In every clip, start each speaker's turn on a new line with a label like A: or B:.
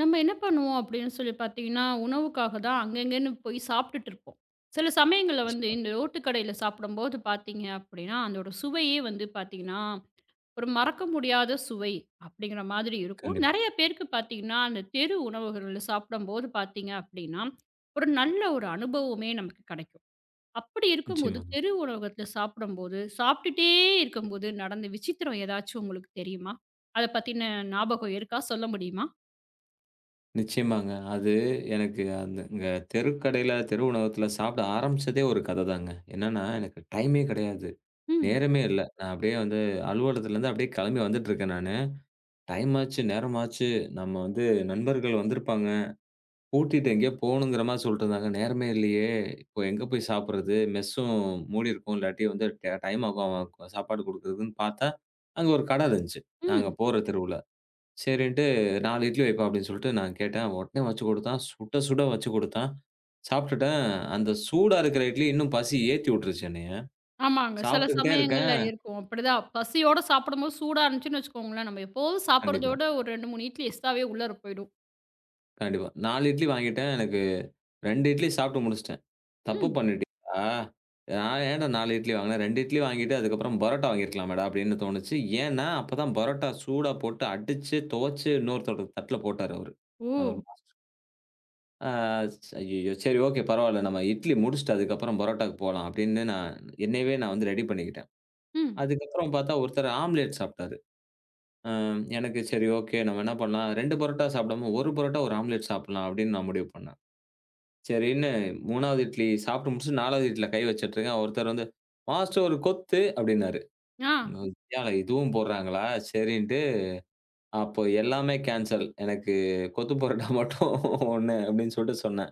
A: நம்ம என்ன பண்ணுவோம். அப்படின்னு சொல்லி பாத்தீங்கன்னா உணவுக்காகத் தான் அங்கங்கன்னு போய்ச் சாப்பிட்டுட்டு இருப்போம். சில சமயங்கள்ல வந்து இந்த ரோட்டு கடையில சாப்பிடும்போது பாத்தீங்கன்னா, அந்தோட சுவையை வந்து பாத்தீங்கன்னா ஒரு மறக்க முடியாத சுவை அப்படிங்கிற மாதிரி இருக்கும்.
B: கண்டிப்பா.
A: நறைய பேருக்குப் பாத்தீங்கன்னா அந்தத் தெரு உணவகங்களில சாப்பிடும்போது பாத்தீங்க அப்டின்னா ஒரு நல்ல ஒரு அனுபவமே நமக்குக் கிடைக்கும். அப்படி இருக்கும்போது
B: நிச்சயமா.
A: தெரு உணவகத்தில் சாப்பிடும்போது சாப்பிட்டுட்டே இருக்கும்போது நடந்த விசித்திரம் எதாச்சு உங்களுக்குத் தெரியுமா? அதைப் பத்தின்ன ஞாபகம் இருக்கா? சொல்ல முடியுமா?
B: நிச்சயமாங்க. அது எனக்கு அந்த தெருக்கடையில தெரு உணவகத்துல சாப்பிட ஆரம்பிச்சதே ஒரு கதைதாங்க. என்னன்னா எனக்கு டைம்மே கெடையாது.
A: ம்.
B: நேரமே இல்ல. நான் அப்படியே வந்து அலுவலகத்துல இருந்து அப்படியே கிளம்பி வந்துட்டு இருக்கேன் நானு. டைம் ஆச்சு. நேரம் ஆச்சு. நம்ம நண்பர்கள் வந்து இருப்பாங்க. கூட்டிட்டு எங்கயோ போகணும்ங்கற மாரி எதோ சொல்லிட்டு இருந்தாங்க. நேரமே இல்லையே. இப்போ எங்க போய் சாப்பிடுறது? மெஸ்ஸும் மூடி இருக்கும். இல்லாட்டி வந்து ட டைம் ஆகும் சாப்பாடு குடுக்கிறதுன்னு பார்த்தா அங்க ஒரு கடை இருந்துச்சு. நாங்க
A: ம்.
B: போற தெருவுல. சரின்னுட்டு 4 இட்லி வைப்பா அப்படின்னு நான் கேட்டேன். உடனே வச்சு குடுத்தான். சுட சுட வச்சு குடுத்தான். சாப்பிட்டுட்டேன். அந்தச் சூடா இருக்குற இட்லி இன்னும் பசிய ஏத்தி உட்டுருச்சு என்னைய.
A: ஆமாங்க. சில
B: சாப்பிட்டுட்டே
A: சமயங்கள்ல
B: இருக்கேன்.
A: இருக்கும் அப்படி தான். பசியோட சாப்பிடும்போது சூடா இருந்துச்சுன்னு வச்சுக்கோங்களேன். நம்ம எப்போதும் சாப்பிடுறதை
B: கண்டிப்பா.
A: விட ஒரு 2, 3 இட்லி எக்ஸ்ட்ராவே உள்ளாற போயிடும்.
B: கண்டிப்பா. 4 இட்லி வாங்கிட்டேன். எனக்கு 2 இட்லி சாப்பிட்டு முடிச்சிட்டேன். தப்பு
A: ம்.
B: பண்ணிட்டேனா? நான் என்ன 4 இட்லி வாங்குனேன். 2 இட்லி வாங்கிட்டு அதுக்கப்புறம் பரோட்டா வாங்கி இருக்கலாமேடா அப்படின்னு தோணுச்சு. ஏன்னா அப்பதான் பரோட்டா சூடா போட்டு அடிச்சு துவச்சு இன்னொரு தட்டுல போட்டாரு அவரு. அவரு
A: ஓ.
B: மாஸ்டர் ஆ ச் அய்யய்யோ! சரி ஓகே, பரவால்ல, நம்ம இட்லி முடிச்சிட்டு அதுக்கப்புறம் பரோட்டாக்கு போலாம் அப்பிடின்னு நான் என்னயவே நான் வந்து ரெடி பண்ணிக்கிட்டேன்.
A: ம்.
B: அதுக்கப்புறம் பார்த்தா ஒருத்தர் ஆம்லேட் சாப்பிட்டாரு. ஆ, எனக்கு சரி, ஓகே. நம்ம என்ன பண்ணலாம். 2 பரோட்டா சாப்பிடாம ஒரு பரோட்டா ஒரு ஆம்லேட் சாப்பிட்லாம் அப்பிடின்னு நான் முடிவு பண்ணேன். சரின்னு 3வது இட்லி சாப்பிட்டு முடிச்சுட்டு, 4 வது இட்டில கை வச்சிட்டு இருக்கேன். ஒருத்தர் வந்து மாஸ்டர் ஒரு கொத்து அப்பிடின்னாரு.
A: ஆ.
B: ஒய்யால! இதுவும் போடுறாங்களா! சரின்ட்டு அப்ப எல்லாமே கேன்சல் எனக்குக் கொத்து பரோட்டா மட்டும் 1 அப்பிடின்னு சொல்ட்டு சொன்னேன்.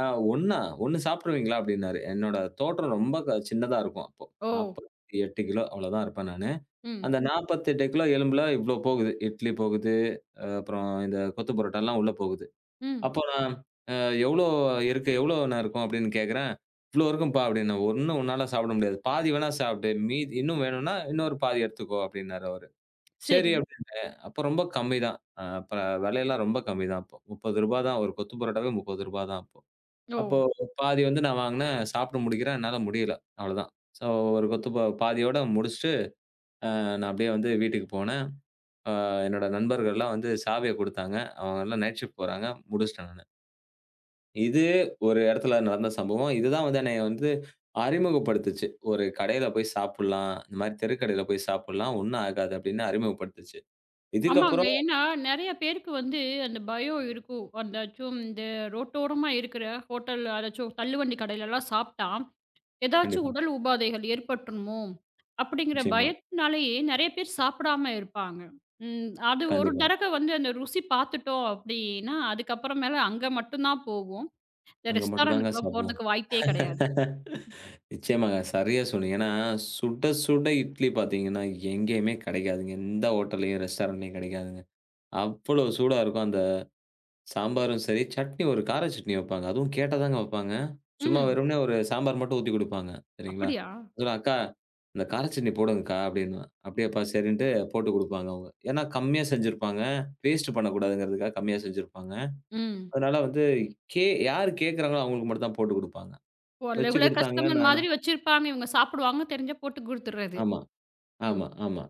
B: அ ஒன்னா! 1 சாப்பிடுவீங்களா? அப்பிடின்னாரு. என்னோட தோற்றம் ரொம்ப க சின்னதா இருக்கும். அப்போ
A: ஓ!
B: 48 கிலோ அவ்வளவுதான் இருப்பேன் நானு.
A: ம்.
B: அந்த 48 கிலோ எலும்புல இவ்ளோ போகுது. இட்லி போகுது. அ அப்புறம் இந்தக் கொத்து பரோட்டா எல்லாம் உள்ள போகுது.
A: ம்.
B: அப்போ நான் அ எவ்ளோ இருக்கு? எவ்ளோ அண்ணா இருக்கும்? அப்பிடின்னு கேக்குறேன், இவ்ளோ இருக்கும்ப்பா! அப்பிடின்ன 1 உன்னால சாப்பிட முடியாது. பாதி வேணா சாப்பிடு. மீதி இன்னும் வேணுன்னா, இன்னொரு பாதி எடுத்துக்கோ! அப்பிடின்னாரு அவரு. சரி
A: சரி.
B: அப்பிடின்னேன், அப்ப ரொம்ப கம்மிதான். ஆ அப்ப விலை எல்லாம் ரொம்ப கம்மிதான் அப்போ. ரூ.30 தான். ஒரு கொத்து பரோட்டாவே ரூ.30 தான் அப்போ
A: ஓ!
B: பாதி வந்து நான் வாங்குனேன். சாப்பிட்டு முடிக்கிறேன். என்னால முடியல. அவ்வளவுதான். ஸோ ஒரு கொத்து பாதியோட முடிச்சிட்டு அ நான் அப்பிடியே வந்து வீட்டுக்கு போனேன். ஆ, என்னோட நண்பர்கள் எல்லாம் வந்து சாவிய கொடுத்தாங்க. அவுங்க எல்லாம் நைட் ஷிப்ட் போறாங்க. முடிச்சிட்டேன் நானு. இதுவே ஒரு இடத்துல நடந்த சம்பவம். இது தான் வந்து என்னைய வந்து அறிமுகப்படுத்துச்சு. ஒரு கடையில போய்ச் சாப்பிடலாம். இந்த மாதிரி தெருக்கடையில போய்ச் சாப்பிடலாம். ஒண்ணும் ஆகாது அப்படின்னு அறிமுகப்படுத்தச்சு.
A: ஆமாங்க.
B: இதுக்கப்புறம்.
A: ஏன்னா நிறைய பேருக்கு வந்து அந்தப் பயம் இருக்கும். அதாச்சும் இந்த ரோட்டோரமா இருக்கிற ஹோட்டல்ல, அதாச்சும் தள்ளுவண்டி கடைல எல்லாம் சாப்பிட்டா எதாச்சு
B: கண்டிப்பா.
A: உடல் உபாதைகள் ஏற்பட்டுருமோ அப்படிங்கிற
B: நிச்சயமா.
A: பயத்தினாலேயே நிறைய பேர் சாப்பிடாம இருப்பாங்க. அது ஒரு
B: கண்டிப்பா.
A: தடவை வந்து அந்த ருசி பாத்துட்டோம் அப்படின்னா அதுக்கப்புறம் அங்க மட்டும் தான் போவோம். இந்த
B: அங்க மட்டுதாங்க
A: ரெஸ்டாரென்ட்
B: சாப்பிடுவோம்.
A: போறதுக்கு வாய்ப்பே கிடையாது.
B: நிச்சயமாங்க. சரியா சொன்னீங்க. ஏன்னா சுட சுட இட்லி பாத்தீங்கன்னா எங்கேயுமே கெடக்காது. எந்த ஹோட்டல்லயும் ரெஸ்டாரென்ட்லயும் கெடக்காதுங்க. அவ்வளவு சூடா இருக்கும் அந்தச் சாம்பாரும் சரி, சட்னி ஒரு கார சட்னி வைப்பாங்க. அதுவும் கேட்டாதாங்க வைப்பாங்க. சும்மா
A: ம்.
B: வெறுமனே ஒரு சாம்பார் மட்டும் ஊத்தி கொடுப்பாங்க. சரிங்களா?
A: அப்படியா?
B: அக்கா இந்தக் கார சட்னி போடுங்கக்கா அப்படின்னா, அப்படியாப்பா சரின்னுட்டு போட்டுக் கொடுப்பாங்க அவங்க. ஏன்னா கம்மியா செஞ்சிருப்பாங்க. வேஸ்ட்டு பண்ணக்கூடாதுங்கறதுக்காகக் கம்மியா செஞ்சிருப்பாங்க.
A: ம்.
B: அதனால வந்து யார் கேக்குறாங்கலோ அவங்களுக்கு மட்டும்தான் போட்டுக் கொடுப்பாங்க.
A: ஒரு
B: வச்சு
A: ரெகுலர்
B: கொடுத்தாங்க.
A: கஸ்டமர்
B: நானும்.
A: மாதிரி வச்சிருப்பாங்க. இவங்க சாப்பிடுவாங்கன்னு தெரிஞ்சு போட்டுக்குடுத்துடுறது.
B: ஆமா ஆமா ஆமா.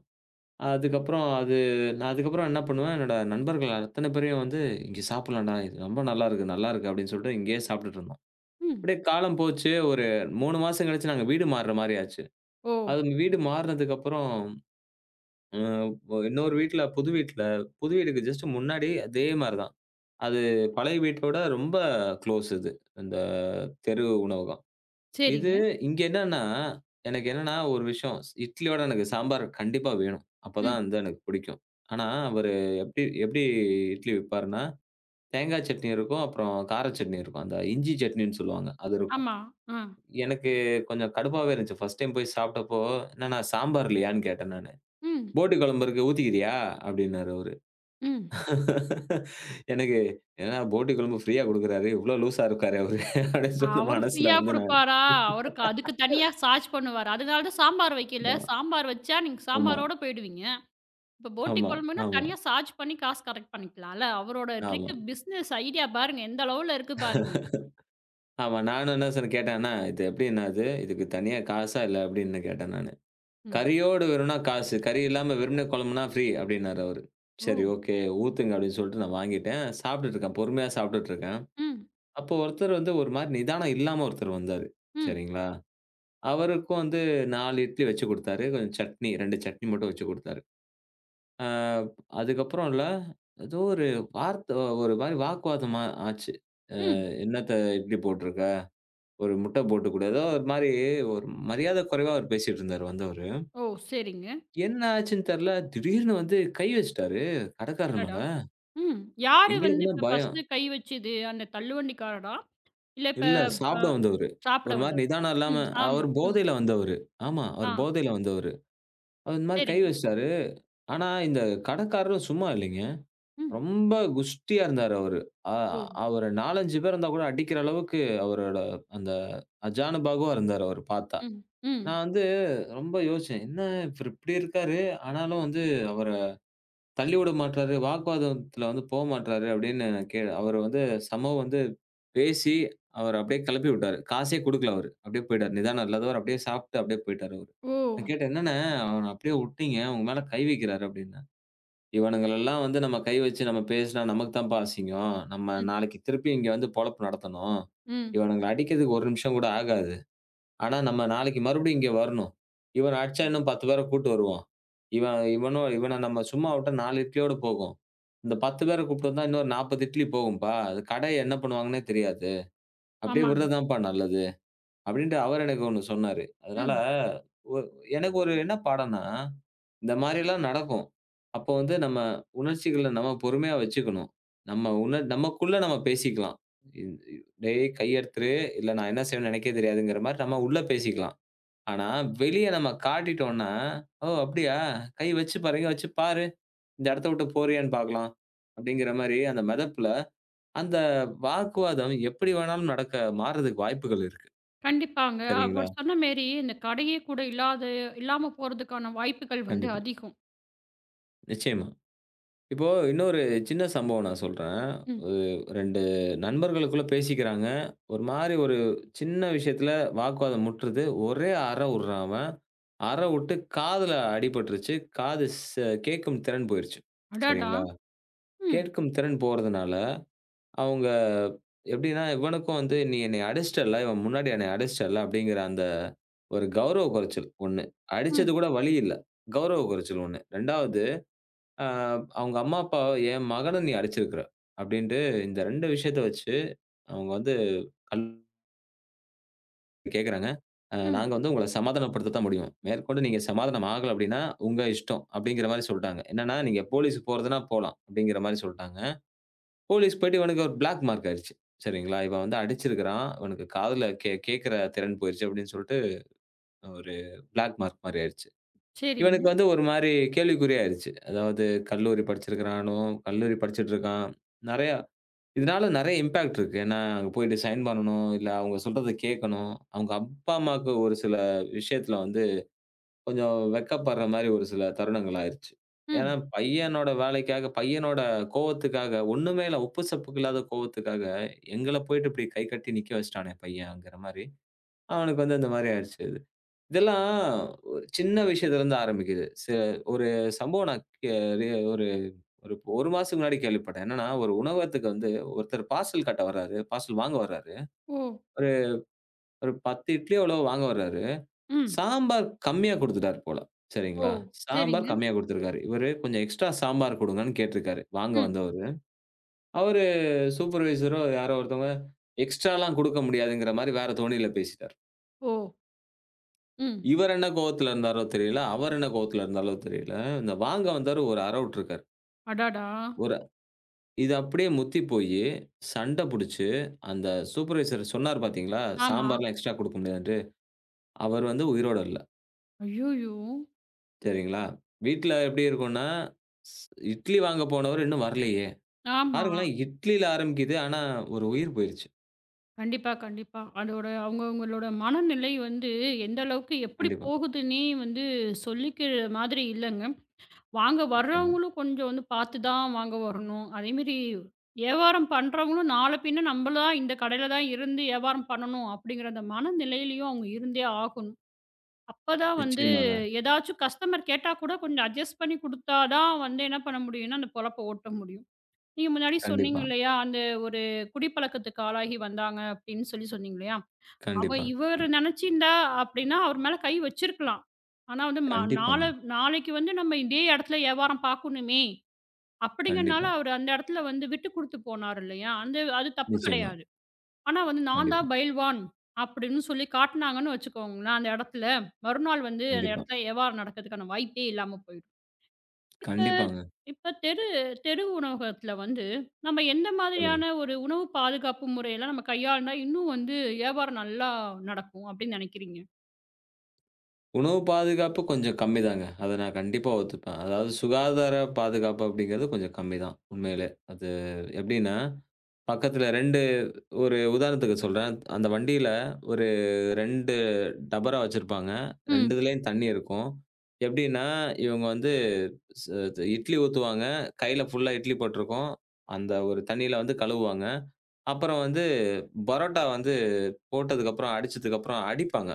B: அதுக்கப்புறம் அது நான் அதுக்கப்புறம் என்ன பண்ணுவேன்? என்னோட நண்பர்கள் அத்தனை பேரையும் வந்து இங்க சாப்பிடலாம்டா. ரொம்ப நல்லா இருக்கு. நல்லா இருக்கு அப்படின்னு சொல்லிட்டு இங்கேயே சாப்பிட்டுட்டு இருந்தோம்.
A: ம்.
B: அப்படியே காலம் போச்சு ஒரு 3 மாசம் கழிச்சு நாங்க வீடு மாறின மாதிரி ஆச்சு.
A: ஓ!
B: அது வீடு மாறினதுக்கு அப்புறம் இன்னொரு வீட்ல புது வீட்ல, புது வீடுக்கு ஜ்ஸ்ட்டு முன்னாடி அதே மாதிரிதான். அது பழைய வீட்டோட ரொம்ப க்ளோஸ் இது. அந்தத் தெரு உணவகம். இது
A: சரிங்க.
B: இங்க என்னன்னா, எனக்கு என்னன்னா ஒரு விஷயம். இட்லியோட எனக்குச் சாம்பார் கண்டிப்பா வேணும். அப்பதான்
A: ம்.
B: அது எனக்குப் பிடிக்கும். ஆனா அவரு எப்படி எப்படி இட்லி விற்பார்னா, தேங்காய் சட்னி இருக்கும். அப்புறம் கார சட்னி இருக்கும். அந்த இஞ்சி சட்னி சொல்லுவாங்க. அது இருக்கும்.
A: ஆமா. அ.
B: எனக்குக் கொஞ்சம் கடுப்பாவே இருந்துச்சு. ஃபர்ஸ்ட் டைம் போய்ச் சாப்பிட்டப்போ என்னன்னா, சாம்பார் இல்லையான்னு கேட்டேன் நானு.
A: ம்.
B: "போட்டி குழம்பு இருக்கு ஊத்திக்கிறயா" அப்படின்னாரு அவரு.
A: ம்.
B: எனக்கு என்ன போட்டி குழம்பு ஃப்ரீயா குடுக்குறாரு. இவ்ளோ லூஸா இருக்காரே அவர் அப்படின்னு சொன்ன
A: அவரு
B: மனசுல
A: ஃப்ரீயா
B: வந்து நானு.
A: குடுப்பாரா? அவரு அதுக்கு தனியா சார்ஜ் பண்ணுவாரு. அதுனாலதான் சாம்பார் வைக்கலை. சாம்பார் வச்சா நீங்கச்
B: ஆமா.
A: சாம்பரோட போயிடுவீங்க. இப்ப போட்டி
B: ஆமா
A: கொழம்புனா
B: ஆமா.
A: தனியா சார்ஜ் பண்ணி காசு கலெக்ட் பண்ணிக்கலாம்ல. அவரோட
B: ஆமா.
A: ட்ரிக் பிசினஸ் ஐடியா பாருங்க. எந்த அளவுல இருக்கு பாருங்க.
B: ஆமா. நானும் என்ன சொன்னேன், கேட்டேன்னா இது எப்படிண்ணா இது? இதுக்கு தனியா காசா இல்லையா? அப்படின்னு கேட்டேன் நானு.
A: ம்.
B: "கறியோடு வேணும்னா காசு. கறி இல்லாம வெறுமனே குழம்புன்னா ஃப்ரீ" அப்படின்னாரு அவரு. சரி
A: ஓ!
B: ஓகே ஊத்துங்க அப்படின்னு சொல்லிட்டு நான் வாங்கிட்டேன். சாப்பிட்டுட்டு இருக்கேன். பொறுமையா சாப்பிட்டுட்டு இருக்கேன்.
A: ம்.
B: அப்ப ஒருத்தர் வந்து ஒரு மாதிரி நிதானம் இல்லாம ஒருத்தர் வந்தாரு.
A: ம்.
B: சரிங்களா? அவருக்கு வந்து 4 இட்லி வச்சு கொடுத்தாரு. கொஞ்சம் சட்னி. 2 சட்னி மட்டும் வச்சு கொடுத்தாரு. அதுக்கப்புறம் இல்ல. ஏதோ ஒரு வார்த்த ஒரு மாதிரி வாக்குவாதமா ஆச்சு.
A: ம்.
B: என்னத்த இட்லி போட்டுருக்க? ஒரு முட்டை போட்டு. ஏதோ ஒரு மாதிரி ஒரு மரியாதை குறைவா அவர் பேசிட்டு இருந்தார் அந்தோரு.
A: ஓ! சரிங்க.
B: என்ன ஆச்சுன்னு தெரியல. திடீர்னு வந்து கை வச்சிட்டாரு கடைக்காரர்
A: அடடா!
B: மேல.
A: ம். யாரு வந்து
B: எங்களுக்குன்னா
A: இப்ப
B: பயம்.
A: ஃபர்ஸ்ட்டு கை வச்சது? அந்தத் தள்ளுவண்டி காரரா? இல்ல இப்ப
B: இல்ல சாப்பிட வந்தவரு.
A: சாப்பிட
B: ஒரு மாதிரி
A: வந்தவரா?
B: நிதானம் இல்லாம
A: ம். ஆமா.
B: அவர்
A: ம்.
B: போதையில வந்தவரு. ஆமா அவரு
A: ஆ.
B: போதையில வந்தவரு. அவர் இந்த மாதிரி கை
A: சரிங்க.
B: வச்சிட்டாரு. ஆனா இந்தக் கடைக்காரர் சும்மா இல்லைங்க.
A: ம்.
B: ரொம்ப குஷ்டியா இருந்தார் அவரு.
A: ஓ!
B: அவரு 4, 5 பேர் வந்தா கூட அடிக்கிற அளவுக்கு அவரோட அந்த ஆஜானுபாகுவா இருந்தார் அவர் பார்த்தா.
A: ம். ம்.
B: நான் வந்து ரொம்ப யோசிச்சேன். என்ன இப்ப இப்படி இருக்காரு. ஆனாலும் வந்து அவரைத் தள்ளிவிட மாட்றாரு. வாக்குவாதத்துல வந்து போகமாட்றாரு அப்படின்னு நான் கேட்டேன். அவரு வந்து சமோ வந்து பேசி அவர அப்படியே கிளப்பி விட்டாரு. காசே கொடுக்கல அவரு. அப்படியே போயிட்டாரு. நிதானம் இல்லாதவர். அப்படியே சாப்பிட்டு அப்படியே போயிட்டாரு அவரு. நான்
A: ஓ!
B: கேட்டேன், "என்னன்னா, அவன அப்படியே உட்டிங்க. உங்க மேல கை வைக்கிறாரு" அப்படின்னா, "இவனுங்களை எல்லாம் வந்து நம்ம கை வச்சு நாம பேசினா நமக்குத் தான்ப்பா அசிங்கம். நம்ம
A: ம்.
B: நாளைக்கு திருப்பி இங்க வந்து பொழப்பு நடத்தணும்.
A: ம்.
B: இவனுங்க அடிக்கிறதுக்கு ஒரு நிமிஷம் கூட ஆகாது. ஆனா, நம்ம நாளைக்கு மறுபடியும் இங்க வரணும். இவன அடிச்சா இன்னும் 10 பேரை கூட்டி வருவான் இவன். இவன இவன நம்ம சும்மா விட்டா நாலு இட்லியோட போகும். இந்த பத்து பேரை கூப்பிட்டு வந்தா இன்னொரு நாற்பது இட்லி போகும்ப்பா. கடை என்ன பண்ணுவாங்கன்னே தெரியாது. அப்படியே
A: ஆமாங்க.
B: விடுறதான்ப்பா நல்லது" அப்படின்னு அவரு எனக்கு ஒண்ணு சொன்னாரு. அதனால
A: ம்.
B: எனக்கு ஒரு என்ன பாடம்னா, இந்த மாதிரி எல்லாம் நடக்கும். அப்ப வந்து நம்ம உணர்ச்சிகளை நாம பொறுமையா வச்சுக்கணும். நம்ம உன நமக்குள்ள நாம பேசிக்கலாம். "டேய், கைய எடுத்துரு, இல்லனா நான் என்ன செய்வேனோ எனக்கே தெரியாது"ங்குற மாதிரி நாம உள்ளே பேசிக்கலாம். ஆனா, வெளிய நாம காட்டிட்டோன்னா, "ஓ, அப்படியா, கை வச்சு, பாரு வச்சு பாரு. இந்த இடத்தை விட்டுப் போறியான்னு பாக்கலாம்" அப்படிங்கிற மாதிரி அந்த மெதப்புல அந்த வாக்குவாதம் எப்படி வேணாலும் நடக்க, மாறுறதுக்கு வாய்ப்புகள் இருக்கு.
A: கண்டிப்பாங்க.
B: சரிங்களா?
A: அவர் சொன்ன மாரி இந்தக் கடையே கூட இல்லாத இல்லாம போறதுக்கான வாய்ப்புகள் வந்து
B: கண்டிப்பா.
A: அதிகம்.
B: நிச்சயமா. இப்போ இன்னொரு சின்ன சம்பவம் நான் சொல்றேன்.
A: ம்.
B: ஒரு 2 நண்பர்களுக்குள்ள பேசிக்கிறாங்க. ஒரு மாரி ஒரு சின்ன விஷயத்துல வாக்குவாதம் முட்டுறது. ஒரே அற உடுறான் அவன். அற உட்டு காதுல அடி பட்டுருச்சு. காது செ கேட்கும் திறன் போயிருச்சு.
A: அடடா!
B: சரிங்களா?
A: ம்.
B: கேட்கும் திறன் போறதுனால அவங்க எப்படின்னா, இவனுக்கும் வந்து நீ என்னைய அடிச்சிட்டல்ல, இவன் முன்னாடி என்னை அடிச்சிட்டல்ல அப்படிங்கிற அந்த ஒரு கௌரவ குறைச்சல் ஒண்ணு. அடிச்சது
A: ம்.
B: கூட வலி இல்ல. கௌரவ குறைச்சல் ஒண்ணு. 2வது ஆ அவங்க அம்மா, அப்பா, "என் மகனை நீ அடிச்சிருக்கிற" அப்படின்டு இந்த 2 விஷயத்த வச்சு அவங்க வந்து கல் கேக்குறாங்க. அ
A: ம்.
B: நாங்க வந்து உங்கள சமாதானப்படுத்தத்தான் முடியும். மேற்கொண்டு நீங்க சமாதானமாகல அப்படின்னா உங்க இஷ்டம் அப்படிங்கிற மாரி சொல்ட்டாங்க. என்னன்னா, "நீங்க போலீஸ்க்கு போறதுன்னா போலாம்" அப்படிங்கிற மாரி சொல்ட்டாங்க. போலீஸ்க்கு போயிட்டு இவனுக்கு ஒரு பிளாக் மார்க் ஆயிடுச்சு. சரிங்களா? இவன் வந்து அடிச்சிருக்கிறான். இவனுக்குக் காதுல கேக் கேக்குற திறன் போயிருச்சு அப்படின்னு சொல்லிட்டு ஒரு பிளாக் மார்க் மாரி ஆயிருச்சு.
A: சரிங்க.
B: இவனுக்கு வந்து ஒரு மாரி கேள்விக்குறியா ஆயிருச்சு. அதாவது கல்லூரி படிச்சிருக்கிறானும், கல்லூரி படிச்சிட்டு இருக்கான். நிறைய, இதனால நிறைய இம்பெக்ட் இருக்கு. ஏன்னா, அங்க போயிட்டு ரிசைன் பண்ணனும் இல்ல அவங்க சொல்றதை கேக்கணும். அவங்க அப்பா, அம்மாக்கு ஒரு சில விஷயத்துல வந்து கொஞ்சம் வெட்கப்படுற மாரி ஒரு சில தருணங்கள் ஆயிடுச்சு. ஏன்னா,
A: ம்.
B: பையனோட வேலைக்காக பையனோட கோபத்துக்காக, ஒண்ணுமே இல்ல, உப்பு சப்புக்கு இல்லாத கோவத்துக்காக எங்கள போயிட்டு இப்படி கை கட்டி நிக்க வச்சிட்டானே பையன்ங்கிற மாரி அவனுக்கு வந்து இந்த மாரி ஆயிடுச்சு. இதெல்லாம் ஒரு சின்ன விஷயத்துல இருந்து ஆரம்பிக்குது. செ ஒரு சம்பவம் நான் கே ஒரு ஒரு ஒரு மாசத்துக்கு முன்னாடி கேள்விப்பட்டேன். என்னன்னா, ஒரு உணவத்துக்கு வந்து ஒருத்தர் பார்சல் கட்ட வராரு. பார்சல் வாங்க வராரு.
A: ஓ.
B: ஒரு ஒரு 10 இட்லி அளவு வாங்க வராரு.
A: ம்.
B: சாம்பார் கம்மியா குடுத்துட்டாரு போல.
A: ஓ.
B: சரிங்களா? சாம்பார்
A: சரிங்க.
B: கம்மியா குடுத்துருக்காரு. இவரு கொஞ்சம் எக்ஸ்ட்ரா சாம்பார் கொடுங்கன்னு கேட்டுருக்காரு, வாங்க
A: ம்.
B: வந்தவரு. அவரு சூப்பர்வைசரோ யாரோ ஒருத்தங்க எக்ஸ்ட்ரா எல்லாம் கொடுக்க முடியாதுங்கிற மாரி வேற தொனில பேசிட்டார்.
A: ஓ! ம்.
B: இவரு என்ன கோவத்துல இருந்தாரோ, தெரியல. அவரு என்ன கோவத்துல இருந்தாரோ? தெரியல. இந்த வாங்க வந்தவரு ஒரு அறை உட்டுருக்காரு.
A: அடடா!
B: ஒரு இது அப்படியே முத்தி போயி, சண்டை புடிச்சு, அந்த சூப்பர்வைசர் சொன்னார் பாத்தீங்களா,
A: ஆமா.
B: சாம்பார்லாம் எக்ஸ்ட்ரா கொடுக்க முடியாதுன்டு, அவர் வந்து உயிரோட இல்ல.
A: ஐயோயோ!
B: சரிங்களா, வீட்ல எப்படி இருக்கும்னா, ஷ் "இட்லி வாங்க போனவரு இன்னும் வரலையே!"
A: ஆமா.
B: பாருங்களேன், இட்லில ஆரம்பிக்குது. ஆனா, ஒரு உயிர் போயிருச்சு.
A: கண்டிப்பா, கண்டிப்பா. அதோட அவங்க, அவங்களோட மனநிலை வந்து எந்த அளவுக்கு எப்படி
B: கண்டிப்பா.
A: போகுதுன்னே வந்து சொல்லிக்கிற மாதிரி இல்லைங்க. வாங்க
B: நிச்சயமா.
A: வர்றவங்களும் கொஞ்சம் வந்து பார்த்துத் தான் வாங்க வரணும். அதே மாரி யாவாரம் பண்றவங்களும் நாளைக்குப் பின்ன நம்பளதான் இந்தக் கடையில தான் இருந்து வியாபாரம் பண்ணனும் அப்படிங்கிற அந்த மன நிலையிலும் அவங்க இருந்தே ஆகணும். அப்பத் தான் வந்து
B: நிச்சயமாங்க.
A: எதாச்சும் கஸ்டமர் கேட்டா கூடக் கொஞ்சம் அட்ஜெஸ்ட் பண்ணி கொடுத்தா தான் வந்து என்ன பண்ண முடியும்ன்னா, அந்தப் பொழப்பை ஓட்ட முடியும். நீங்க முன்னாடி சொன்னீங்க
B: கண்டிப்பா.
A: இல்லையா? அந்த ஒரு குடிப்பழக்கத்துக்கு ஆளாகி வந்தாங்க அப்படின்னு சொல்லி சொன்னீங்க இல்லையா? அவ
B: கண்டிப்பா,
A: இவரு
B: ம்.
A: நினைச்சு இருந்தா அப்படின்னா, அவர் மேல கை வச்சிருக்கலாம். ஆனா வந்து ம
B: கண்டிப்பாங்க.
A: நாளை நாளைக்கு வந்து நம்ம இதே இடத்துல வியாபாரம் பாக்கணும்மே, அப்படிங்கிறதுனால,
B: கண்டிப்பா.
A: அவர் அந்த இடத்துல வந்து விட்டுக் கொடுத்துப் போனாரு இல்லையா? அந்த அது தப்பு
B: நிச்சயமா.
A: கிடையாது. ஆனா வந்து நான்
B: கண்டிப்பா.
A: தான் பயில்வான் அப்படின்னு சொல்லிப் காட்டுனாங்கன்னு வச்சுக்கோங்கனா அந்த இடத்துல, மறுநாள் வந்து அந்த
B: கண்டிப்பா.
A: இடத்துல வியாபாரம் நடக்குறதுக்கான வாய்ப்பே இல்லாம போயிடும். இப்ப
B: கண்டிப்பாங்க.
A: இப்ப தெரு தெரு உணவகத்துல வந்து நம்ம எந்த
B: சொல்லுங்க.
A: மாதிரியான ஒரு உணவு பாதுகாப்பு முறையிலாம் நம்ம கையாண்டா இன்னும் வந்து வியாபாரம் நல்லா நடக்கும் அப்படின்னு நினைக்கிறீங்க?
B: உணவு பாதுகாப்பு கொஞ்சம் கம்மிதாங்க, அத நான் கண்டிப்பா ஒத்துப்பன். அதாவது சுகாதார பாதுகாப்பு அப்டிங்கறது கொஞ்சம் கம்மிதான் உண்மையிலே. அது எப்டின்னா, பக்கத்துல 2 ஒரு உதாரணத்துக்குச் சொல்றேன். அந்த வண்டில ஒரு 2 டபரா வச்சிருப்பாங்க.
A: ம்.
B: 2துலயும் தண்ணி இருக்கும். எப்டின்னா இவங்க வந்து இட்லி ஊத்துவாங்க. கைல ஃபுல்லா இட்லி பட்டுருக்கும். அந்த ஒரு தண்ணியில வந்து கழுவுவாங்க. அப்புறம் வந்து பரோட்டா வந்து போட்டதுக்கு அப்புறம் அடிச்சதுக்கு அப்புறம், அடிப்பாங்க.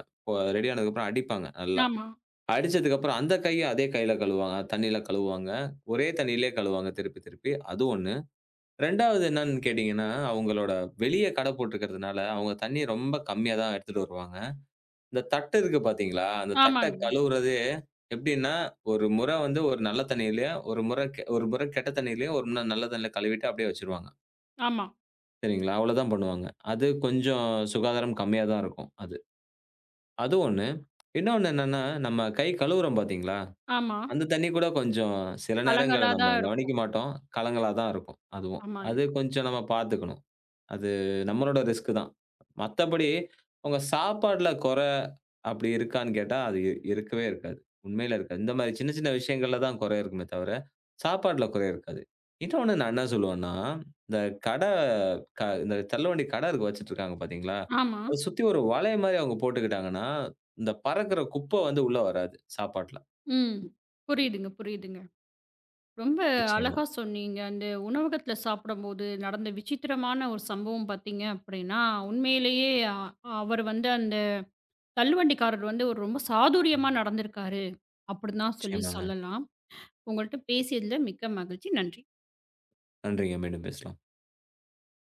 B: ரெடி ஆனதுக்கு அப்புறம் அடிப்பாங்க நல்லா.
A: ஆமா.
B: அடிச்சதுக்கு அப்புறம் அந்த கைய அதே கையில கழுவுவாங்க. தண்ணியில கழுவுவாங்க. ஒரே தண்ணியிலயே கழுவுவாங்க திருப்பித் திருப்பி அது 1. 2வது என்னன்னு கேட்டீங்கன்னா, அவங்களோட வெளிய கடை போட்டுருக்குறதுனால அவங்க தண்ணிய ரொம்ப கம்மியாதான் எடுத்துட்டு வருவாங்க. இந்த தட்டு இருக்கு பாத்தீங்களா, அந்த தட்ட
A: ஆமாங்க.
B: கழுவுறதே எப்டின்னா, ஒரு முற வந்து ஒரு நல்ல தண்ணியிலயும், ஒரு முறை ஒரு முறை கெட்ட தண்ணியிலயும், ஒரு முறை நல்ல தண்ணியில கழுவிட்டு அப்டியே வச்சிருவாங்க.
A: ஆமா.
B: சரிங்களா, அவ்வளவுதான் பண்ணுவாங்க. அது கொஞ்சம் சுகாதாரம் கம்மியாதான் இருக்கும் அது. அது ஒண்ணு. இன்னொன்னு என்னன்னா, நம்ம கை கழுவுறோம் பாத்தீங்களா,
A: ஆமா.
B: அந்தத் தண்ணி கூட கொஞ்சம் சில நேரங்கள்ல
A: கலங்கலா
B: நம்ம
A: தான் இருக்கும்.
B: கவனிக்க மாட்டோம். கலங்கலாதான் இருக்கும் அதுவும்.
A: ஆமாங்க.
B: அது கொஞ்சம் நாம பாத்துக்கணும். அது நம்மளோட ரிஸ்க் தான். மத்தபடி உங்க சாப்பாட்டுல கொற அப்டி இருக்கான்னு கேட்டா அது இருக்கவே இருக்காது. உண்மையிலே இருக்காது. இந்த மாதிரி சின்ன சின்ன விஷயங்கள்ல தான் கொற இருக்குமே தவிர சாப்பாட்டுல கொற இருக்காது. இன்னொன்னு நான் என்ன சொல்லுவேன்னா, இந்த கட க இந்த தள்ளுவண்டி கட இருக்கு வச்சிட்டு இருக்காங்க பாத்தீங்களா,
A: ஆமா.
B: அதச் சுத்தி ஒரு வளையம் மாதிரி அவங்க போட்டுக்கிட்டாங்கன்னா, இந்த பறக்குற குப்ப வந்து உள்ள வராது சாப்பாட்டுல.
A: ம். புரியுதுங்க, புரியுதுங்க. ரொம்ப
B: நிச்சயமா.
A: அழகா சொன்னீங்க. அந்த உணவகத்துல சாப்பிடும்போது நடந்த விசித்திரமான ஒரு சம்பவம் பாத்தீங்க அப்டின்னா உண்மையிலேயே அவர் வந்து அந்தத் தள்ளுவண்டி காரர் வந்து ஒரு ரொம்ப சாதுர்யமா நடந்து இருக்காரு அப்டின்னு தான் சொல்லிச்
B: நிச்சயமாங்க.
A: சொல்லலாம். உங்ககிட்ட பேசியதுல மிக்க மகிழ்ச்சி. நன்றி.
B: நன்றிங்க, மீண்டும் பேசலாம்.